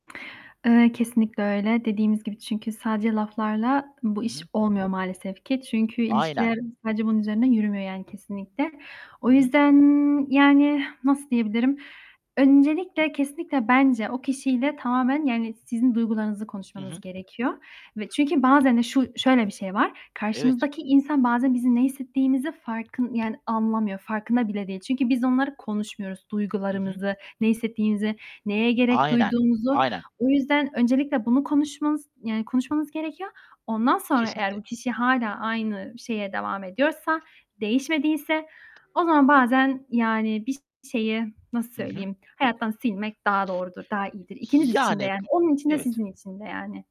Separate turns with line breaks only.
Eee, kesinlikle öyle. Dediğimiz gibi, çünkü sadece laflarla bu
Hı
iş
hı.
olmuyor maalesef ki çünkü
Aynen.
ilişkiler sadece bunun üzerinden yürümüyor, yani, kesinlikle. O
Hı hı.
yüzden, yani, nasıl diyebilirim? Öncelikle, kesinlikle bence o kişiyle tamamen, yani, sizin duygularınızı
Hı hı.
konuşmanız gerekiyor ve çünkü bazen de şu şöyle bir şey var,
Evet.
karşınızdaki insan bazen bizim ne hissettiğimizi farkın yani anlamıyor, farkında bile değil. Çünkü biz onları konuşmuyoruz:
Hı hı.
duygularımızı, ne hissettiğimizi, neye gerek
Aynen,
duyduğumuzu.
aynen.
O yüzden öncelikle bunu konuşmanız, yani, konuşmanız gerekiyor. Ondan sonra eğer
Kesinlikle.
bu kişi hâlâ aynı şeye devam ediyorsa, değişmediyse o zaman bazen yani bir şeyi, nasıl
Hı hı.
söyleyeyim, hayattan silmek daha doğrudur, daha iyidir. İkiniz için de.
Yani, b
Yani, onun için de
evet.
sizin için de yani.